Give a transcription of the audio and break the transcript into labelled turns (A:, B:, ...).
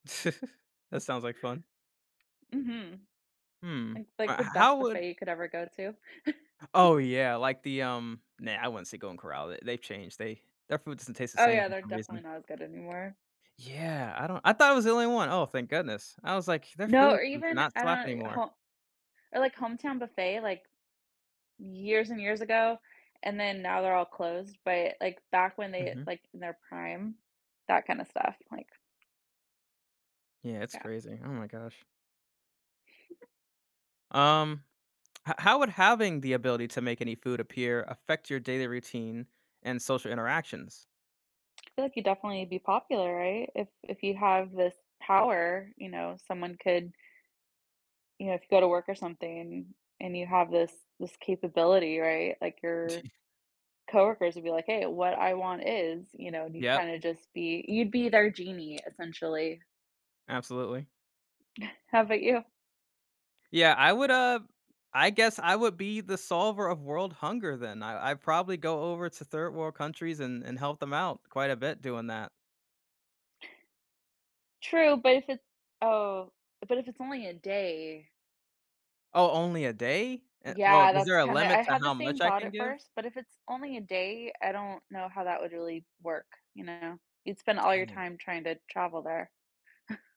A: That sounds like fun.
B: Mhm.
A: Hmm,
B: Like like
A: but h
B: the
A: how
B: best
A: would
B: buffet you could ever go to.
A: Oh yeah, like the, um, nah, I wouldn't say Golden Corral, they they've changed, they their food doesn't taste the
B: Oh
A: same
B: yeah,
A: for
B: they're
A: some
B: definitely
A: reason.
B: not as good anymore.
A: Yeah, I don't I thought it was the only one, oh thank goodness. I was like, "Their
B: No,
A: food
B: or
A: does
B: even
A: not
B: I
A: slap
B: don't y
A: anymore."
B: ho Or, like, Hometown Buffet, like Years and years ago, and then now they're all closed, but, like, back when they,
A: Mhm.
B: like, in their prime, that kinda stuff, like
A: Yeah, it's
B: Yeah.
A: crazy. Oh my gosh. Um, h how would having the ability to make any food appear affect your daily routine and social interactions?
B: I feel like you'd definitely be popular, right? If if you have this power, you know, someone could You know, if you go to work or something, and you have this this capability, right? Like, your
A: D
B: coworkers would be, like, "Hey, what I want is," you know, and you
A: Yep.
B: kinda just be, you'd be their genie, essentially.
A: Absolutely.
B: How about you?
A: Yeah, I would, uh, I guess I would be the solver of world hunger then. I I'd probably go over to third world countries and and help them out quite a bit doing that.
B: Tr True, but if it oh, but if it's only a day.
A: Oh, only a day? Eh, well,
B: Yeah,
A: is
B: that's
A: there a
B: kinda
A: limit
B: I
A: to
B: had the
A: how
B: same
A: much I
B: thought
A: can
B: at
A: give?
B: first, but if it's only a day, I don't know how that would really work, you know? You'd spend all your
A: Dang.
B: time trying to travel there.